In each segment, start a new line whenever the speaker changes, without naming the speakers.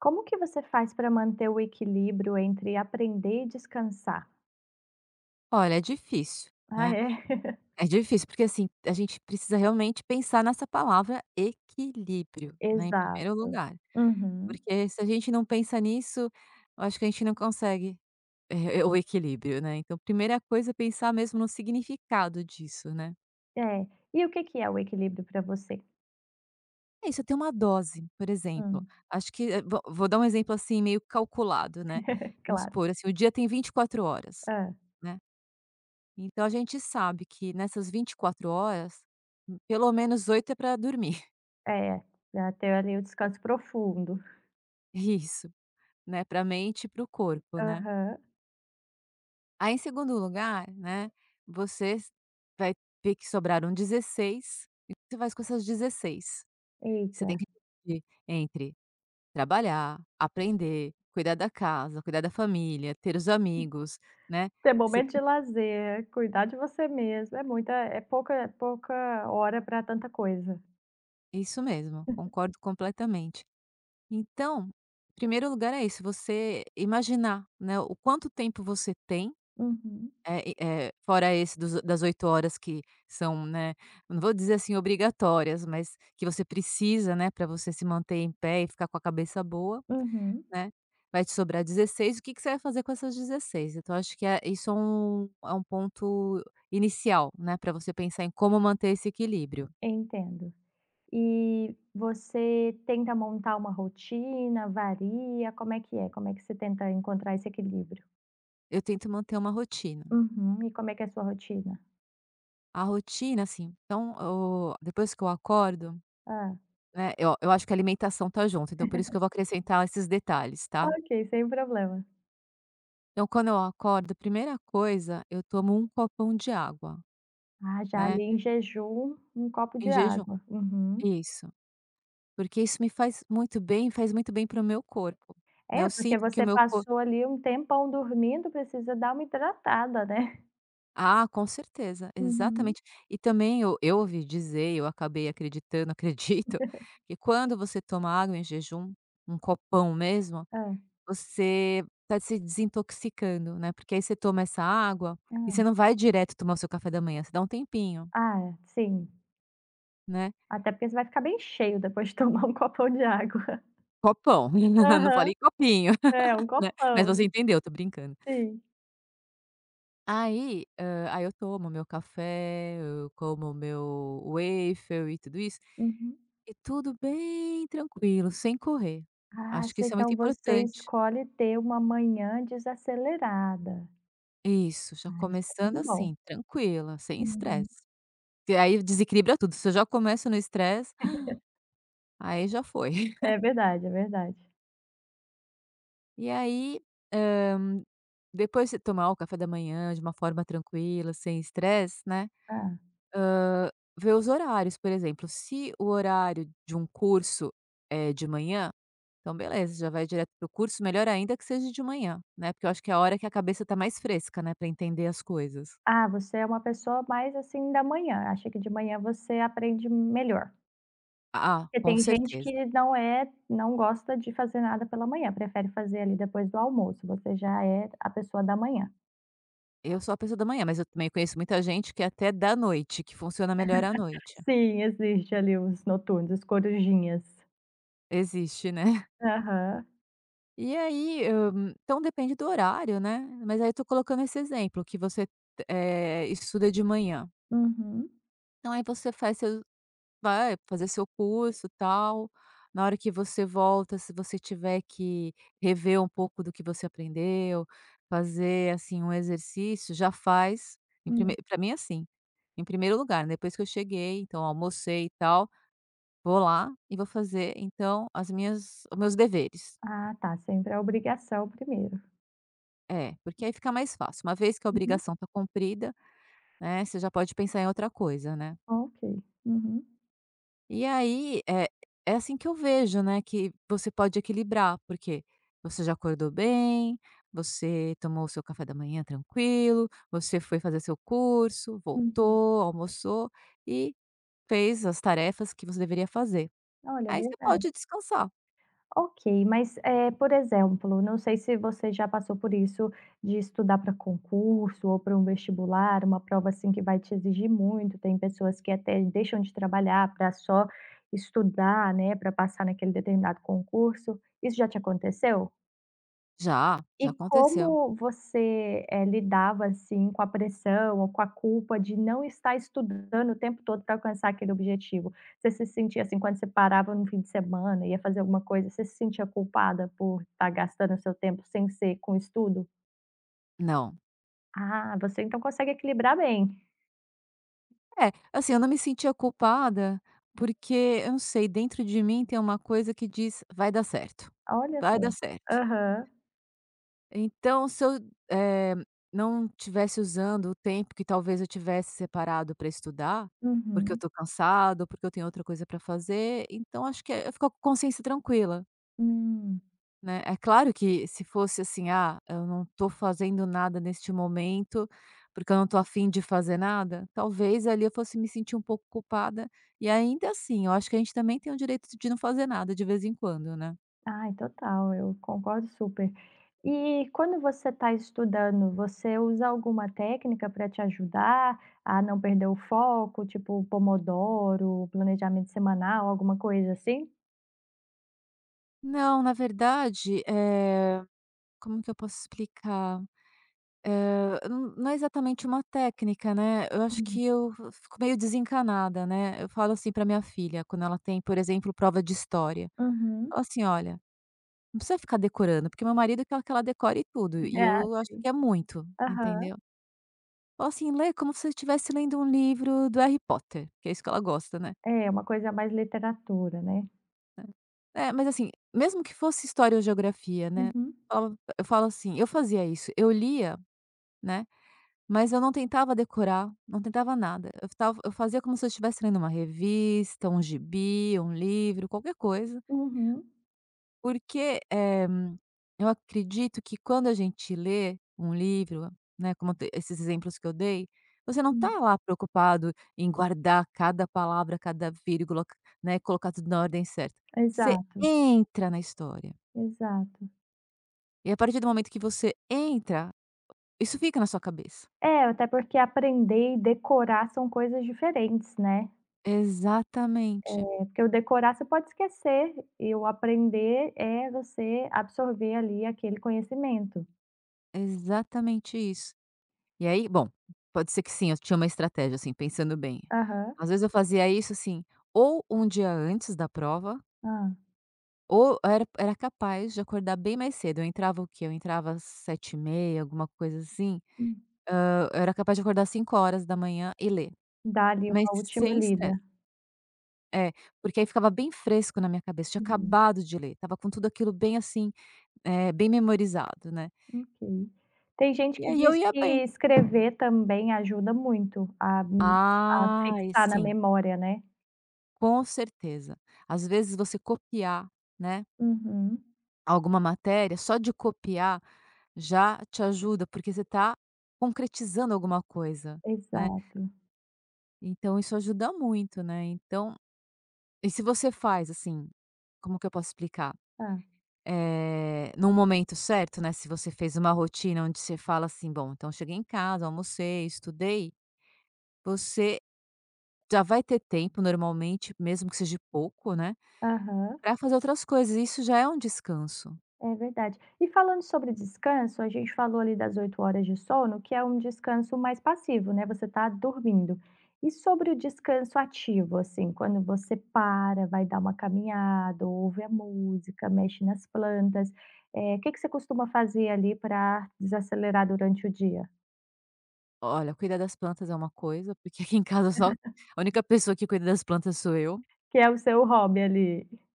Como que você faz para manter o equilíbrio entre aprender e descansar?
Olha, é difícil,
Ah,
né.
é?
É difícil, porque assim, a gente precisa realmente pensar nessa palavra equilíbrio, né, em primeiro
Exato.
lugar,
Uhum.
porque se a gente não pensa nisso, eu acho que a gente não consegue, e eh, o equilíbrio, né, então primeira coisa é pensar mesmo no significado disso, né.
É. E o que que é o equilíbrio para você?
É isso, ter uma dose, por exemplo,
Hum.
acho que, eh, vo vou dar um exemplo assim, meio calculado, né. Vamos
Claro.
supor, assim, o dia tem 24 horas,
Hã.
né. Então a gente sabe que nessas 24 horas, hum, pelo menos 8 é para dormir.
É, já tem ali o descanso profundo.
Isso, né, para mente e para o corpo, né.
Aham.
Aí em segundo lugar, né, vocês vai ver que sobraram 16, o que você faz com essas 16. Você tem
Eita.
que dividir entre trabalhar, aprender, cuidar da casa, cuidar da família, ter os amigos, né.
Ter
Você
momento de
tem
lazer, cuidar de você mesma, é muita é pouca é pouca hora para tanta coisa.
Isso mesmo, concordo completamente. Então, primeiro lugar é isso, você imaginar, né, o quanto tempo você tem,
Uhum.
eh, e, eh, fora esse dos das 8 horas que são né, não vou dizer, assim, obrigatórias, mas que você precisa, né, para você se manter em pé e ficar com a cabeça boa,
Uhum.
né, vai te sobrar 16. O que que você vai fazer com essas 16? Então, acho que é isso, é um é um ponto inicial, né, para você pensar em como manter esse equilíbrio.
Entendo. E você tenta montar uma rotina? Varia? Como é que é? Como é que você tenta encontrar esse equilíbrio?
Eu tento manter uma rotina.
Uhum, e como é que é a sua rotina?
A rotina, assim, então, o depois que eu acordo
Hã.
né, eu a eu acho que a alimentação tá junto, então, por isso que eu vou acrescentar esses detalhes, tá.
Ok, sem problema.
Eu quando eu acordo, primeira coisa, eu tomo um copão de água,
Ah, já
né.
li, em jejum, um copo de
Em jejum.
água. Uhum.
Isso. Porque isso me faz muito bem, faz muito bem para o meu corpo, né.
É
Eu
porque
sinto que o
você
meu cor
passou ali um tempão dormindo precisa dar uma hidratada, né.
Ah, com certeza.
Hum.
Exatamente. E também eu eu ouvi dizer, e eu acabei acreditando, acredito, que quando você toma água em jejum, um copão mesmo,
Hã.
você tá se desintoxicando, né. Porque aí você toma essa água e você
Hum.
não vai direto tomar o seu café da manhã, você dá um tempinho.
Ah, é, sim.
Né.
Até porque você vai ficar bem cheio depois de tomar um copão de água.
Copão, não
Aham,
falei copinho,
é, um
né. Mas
copão,
você
né,
entendeu, tô brincando.
sim.
Aí, hã, aí eu tomo meu café, eu como o meu waffle e tudo isso,
Uhum.
e tudo bem tranquilo, sem correr,
Ah,
acho que
sei.
isso é muito
Então você
importante.
escolhe ter uma manhã desacelerada.
Isso. Já
Ah, isso é
começando,
muito bom.
assim, tranquila, sem
Uhum.
estresse, porque aí desequilibra tudo se eu já começo no estresse, aí já foi.
É verdade, é verdade.
E aí, hã, depois você tomar o café da manhã de uma forma tranquila, sem estresse, né, hã,
Hã.
vê os horários, por exemplo, se o horário de um curso é de manhã, então beleza, já vai direto para o curso, melhor ainda que seja de manhã, né, porque eu acho que é a hora que a cabeça tá mais fresca, né, pra entender as coisas.
Ah, você é uma pessoa mais, assim, da manhã, acha que de manhã você aprende melhor?
Ah ah ah,
Porque
com
tem gente
certeza.
que não é não gosta de fazer nada pela manhã, prefere fazer ali depois do almoço. Você já é a pessoa da manhã.
Eu sou a pessoa da manhã, mas eu também conheço muita gente que até da noite, que funciona melhor à noite.
Sim, existe ali os noturnos, as corujinhas.
Existe, né.
Aham.
E aí, hã, então depende do horário, né, mas aí eu estou colocando esse exemplo que você, eh, estuda de manhã.
Uhum.
Então aí você faz seu vai fazer seu curso, tal, na hora que você volta, se você tiver que rever um pouco do que você aprendeu, fazer assim um exercício já faz em prime
Hum.
para mim é assim, em 1º lugar, depois que eu cheguei, então almocei e tal, vou lá e vou fazer então as minhas o meus deveres.
Ah, tá, sempre a obrigação 1º.
É, porque aí fica mais fácil, uma vez que a
Uhum.
obrigação está cumprida, né, você já pode pensar em outra coisa, né.
Oh, ok, uhum.
E aí, eh, é assim que eu vejo, né, que você pode equilibrar, porque você já acordou bem, você tomou o seu café da manhã tranquilo, você foi fazer seu curso,
Uhum.
voltou, almoçou e fez as tarefas que você deveria fazer.
Olha,
Aí você
verdade.
pode descansar.
Ok, mas, eh, por exemplo, não sei se você já passou por isso de estudar para concurso ou para um vestibular, uma prova assim que vai te exigir muito, tem pessoas que até deixam de trabalhar para só estudar, né, para passar naquele determinado concurso, isso já te aconteceu?
Já, já
E
aconteceu.
como você, eh, lidava assim com a pressão ou com a culpa de não estar estudando o tempo todo para alcançar aquele objetivo? Você se sentia assim, quando você parava no fim de semana e ia fazer alguma coisa, você se sentia culpada por estar gastando o seu tempo sem ser com estudo?
Não.
Ah, você então consegue equilibrar bem.
É, assim eu não me sentia culpada porque eu não sei dentro de mim tem uma coisa que diz: "vai dar certo,
Olha só.
vai dar certo".
Aham.
Então se eu, eh, não tivesse usando o tempo que talvez eu tivesse separado para estudar, porque eu
Uhum.
estou cansada ou porque eu tenho outra coisa para fazer, então acho que é eu fico com consciência tranquila
Hum.
né, é claro que se fosse assim, ah, eu não estou fazendo nada neste momento porque eu não estou a fim de fazer nada, talvez ali eu fosse me sentir um pouco culpada e ainda assim eu acho que a gente também tem o direito de não fazer nada de vez em quando, né.
Ai total, eu concordo super. E quando você está estudando você usa alguma técnica para te ajudar a não perder o foco tipo o pomodoro, planejamento semanal, alguma coisa assim?
Não, na verdade, eh, como que eu posso explicar? Hã, n não é exatamente uma técnica, né, eu acho
Hum.
que eu vo fico meio desencanada, né, eu falo assim para minha filha quando ela tem, por exemplo, prova de história.
Uhum.
Falo assim: "Olha, não precisa ficar decorando", porque meu marido quer que ela decore tudo e
Ah,
eu acho
sim.
que é muito,
Aham.
entendeu. Ou assim: "Lê como se você estivesse lendo um livro do Harry Potter", que é isso que ela gosta, né.
É, uma coisa mais literatura, né.
É. É, mas assim, mesmo que fosse história ou geografia, né,
Uhum.
falo eu falo assim eu fazia isso, eu lia, né, mas eu não tentava decorar, não tentava nada, eu f tava eu fazia como se eu estivesse lendo uma revista, um gibi, um livro, qualquer coisa.
Uhum.
Porque, eh, eu acredito que quando a gente lê um livro, né, como te esses exemplos que eu dei, você não tá
Hum.
lá preocupado em guardar cada palavra, cada vírgula, c né, colocar tudo na ordem certa, você
Exato.
entra na história.
Exato.
E a partir do momento que você entra isso fica na sua cabeça.
É, até porque aprender e decorar são coisas diferentes, né.
Exatamente.
É, porque o decorar você pode esquecer, e o aprender é você absorver ali aquele conhecimento.
Exatamente isso. E aí, bom, pode ser que sim, eu tinha uma estratégia assim, pensando bem,
Aham.
às vezes eu fazia isso, assim, ou um dia antes da prova
Hã.
ou eu era era capaz de acordar bem mais cedo, eu entrava o quê? Eu entrava 7h30, alguma coisa assim,
Hum.
hã, eu era capaz de acordar 5h00 e ler,
Dá ali
mas
uma última
sem
lida.
estresse. É porque aí ficava bem fresco na minha cabeça, tinha
Hum.
acabado de ler, estava com tudo aquilo bem, assim, eh, bem memorizado, né.
Ok. Tem gente
E
que
aí eu
diz
ia
que
bem.
escrever também ajuda muito a a
Ai
fixar na
sim
memória, né.
com certeza, às vezes você copiar, né
Uhum.
alguma matéria, só de copiar já te ajuda, porque você está concretizando alguma coisa, né.
Exato.
Então isso ajuda muito, né, então e se você faz, assim como que eu posso explicar?
Tá.
Eh, num momento certo, né, se você fez uma rotina onde você fala assim: "Bom, então eu cheguei em casa, almocei, estudei", você já vai ter tempo, normalmente, mesmo que seja pouco, né,
Aham.
para fazer outras coisas. Isso já é um descanso.
É verdade. E falando sobre descanso, a gente falou ali das 8 horas de sono, que é um descanso mais passivo, né, você tá dormindo. E sobre o descanso ativo, assim, quando você para, vai dar uma caminhada, ouve a música, mexe nas plantas, eh, que que você costuma fazer, ali, pra desacelerar durante o dia?
Olha, cuidar das plantas é uma coisa, porque aqui em casa só a única pessoa que cuida das plantas sou eu.
Que é o seu hobby, ali.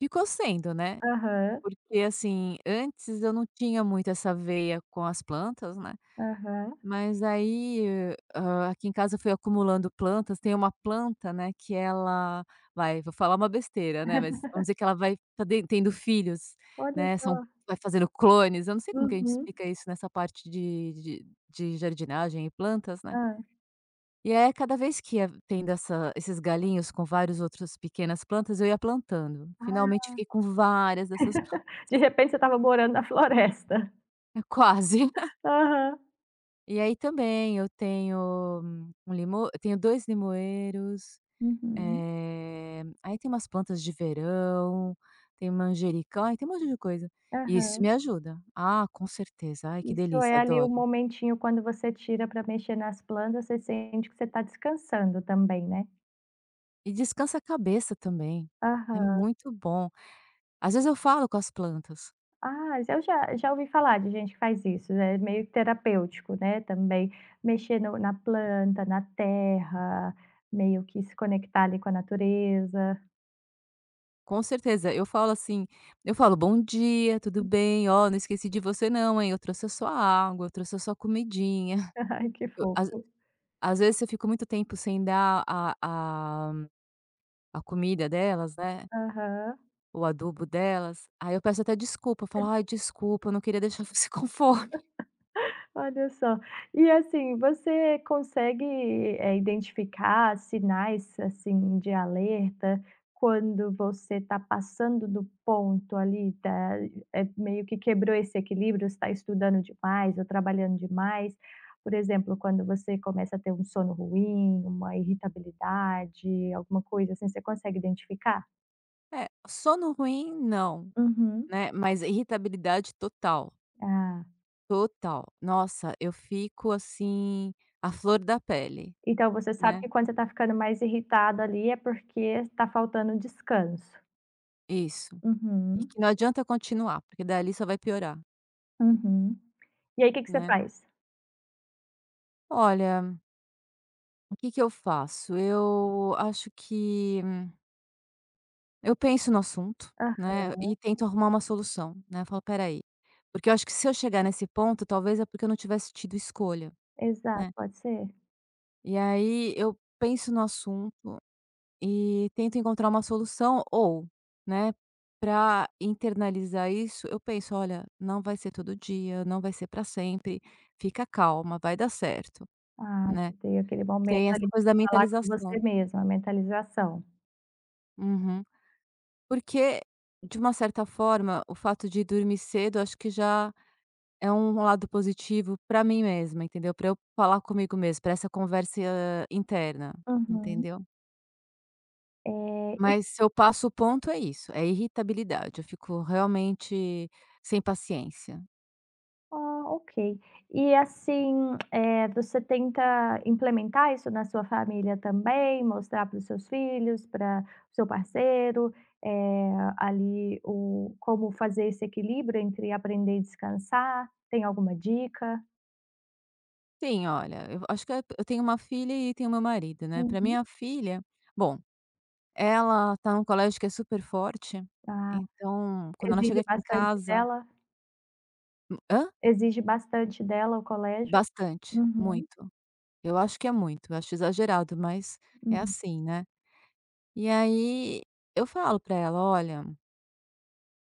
Ficou sendo, né,
Aham.
porque assim, antes eu não tinha muito essa veia com as plantas, né,
Aham.
mas aí, hã hã, aqui em casa eu fui acumulando plantas. Tem uma planta, né, que ela vai, vou falar uma besteira, né, mas vamos dizer que ela vai tá den tendo filhos,
Olha
né, são
só.
vai fazendo clones, eu não sei como que a gente
Uhum.
explica isso nessa parte de de de jardinagem e plantas, né.
Hã.
E aí a cada vez que ia tendo essa esses galhinhos com vários outros pequenas plantas, eu ia plantando.
Ah!
Finalmente fiquei com várias dessas plan
De repente você estava morando na floresta.
É quase.
Aham.
E aí também eu tenho um limo eu tenho 2 limoeiros,
Uhum.
eh, aí tem umas plantas de verão, tem manjericão, ai, tem um monte de coisa e isso
Aham.
me ajuda. Ah, com certeza. Ai, que
Isso é
delícia,
ali o
adoro.
momentinho quando você tira pra mexer nas plantas, você sente que você tá descansando também, né.
E descansa a cabeça também, é
Aham.
muito bom. Às vezes, eu falo com as plantas.
Ah, eu já já ouvi falar de gente que faz isso, é meio terapêutico, né, também mexer no na planta, na terra, meio que se conectar ali com a natureza
Com certeza. Eu falo, assim, eu falo: "Bom dia, tudo bem? Ó, não esqueci de você não, hein, eu trouxe a sua água, eu trouxe a sua comidinha".
Ai que
Eu às
fofo.
às vezes, se eu fico muito tempo sem dar a a a comida delas, né
Aham.
o adubo delas, aí eu peço até desculpa, falo: "Ai, desculpa, eu não queria deixar você com fome".
Olha só. E, assim, consegue, eh, identificar sinais, assim, de alerta quando você tá passando do ponto ali, tá eh, meio que quebrou esse equilíbrio, você tá estudando demais ou trabalhando demais? Por exemplo, quando você começa a ter um sono ruim, uma irritabilidade, alguma coisa assim, você consegue identificar?
É, sono ruim, não,
Uhum.
né, mas irritabilidade total.
Ah.
Total! Nossa, eu fico, assim, à flor da pele,
Então você sabe
né.
que quando você tá ficando mais irritada ali é porque tá faltando descanso?
Isso. E que
Uhum.
não adianta continuar, porque dali só vai piorar.
Uhum. E aí que que você
Né?
faz?
Olha o que que eu faço? Eu acho que eu penso no assunto,
Aham.
né, e tento arrumar uma solução, né. Falo: "Espera aí". Porque eu acho que se eu chegar nesse ponto, talvez, é porque eu não tivesse tido escolha,
Exato,
né.
pode ser.
E aí eu penso no assunto e tento encontrar uma solução, ou, né, pra internalizar isso, eu penso: "Olha, não vai ser todo dia, não vai ser pra sempre, fica calma, vai dar certo",
Ah,
né.
você tem aquele momento
Tem essa
ali
coisa da
pra falar com você
mentalização.
mesma, a mentalização?
Uhum. Porque, de uma certa forma, o fato de dormir cedo eu acho que já é um lado positivo pra mim mesma, entendeu? Para eu falar comigo mesma, para essa conversa interna,
Uhum.
entendeu?
É, e
Mas se eu passo o ponto, é isso, é irritabilidade, eu fico realmente sem paciência.
Ah, ok. E, assim, eh, você tenta implementar isso na sua família também, mostrar para os seus filhos, para o seu parceiro, eh, ali o como fazer esse equilíbrio entre aprender e descansar, tem alguma dica?
Sim. Olha, eu acho que e eu eu tenho uma filha e tenho o meu marido, né, pra
Uhum.
minha filha bom, ela tá num colégio que é super forte,
Ah,
então, quando ela
exige
chega aqui em
bastante
casa
dela?
Hum, hã?
Exige bastante dela, o colégio?
Bastante,
Uhum.
muito. Eu acho que é muito, acho exagerado, mas é
Hum.
assim, né. E aí eu falo pra ela: "Olha"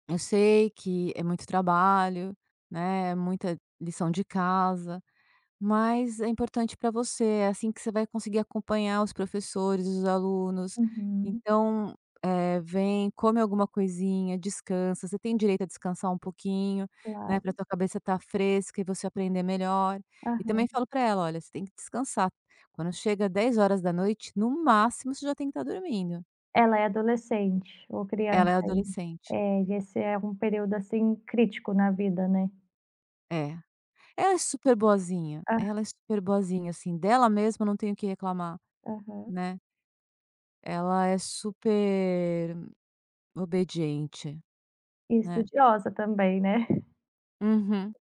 "eu sei que é muito trabalho, né, é muita lição de casa, mas é importante pra você, é assim que você vai conseguir acompanhar os professores e os alunos.
Uhum.
Então, eh, vem, come alguma coisinha, descansa, você tem direito a descansar um pouquinho, né, pra
Claro.
tua cabeça estar fresca e você aprender melhor" e também
Aham.
falo pra ela "Olha, você tem que descansar, quando chega 22h, no máximo, você já tem que estar dormindo".
Ela é adolescente ou
Ela é
criança ainda?
adolescente.
É, e esse é um período, assim, crítico na vida, né.
É. Ela é super boazinha.
Ah
Ela é super boazinha, assim, dela mesma, não tenho o que reclamar,
Aham.
né. Ela é super obediente,
E
né.
estudiosa também, né.
Uhum.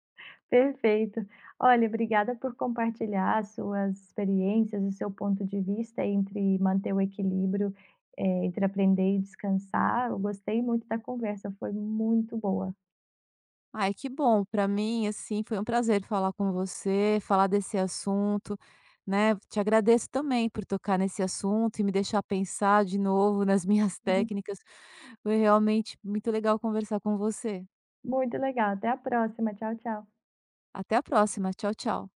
Perfeito. Olha, obrigada por compartilhar as suas experiências e seu ponto de vista entre manter o equilíbrio, eh, entre aprender e descansar. Eu gostei muito da conversa, foi muito boa.
Ai, que bom. Pra mim, assim, foi um prazer falar com você, falar desse assunto, né, te agradeço também por tocar nesse assunto e me deixar pensar de novo nas minhas
Uhum.
técnicas. Foi realmente muito legal conversar com você.
Muito legal. Até a próxima. Tchau, tchau.
Até a próxima. Tchau, tchau.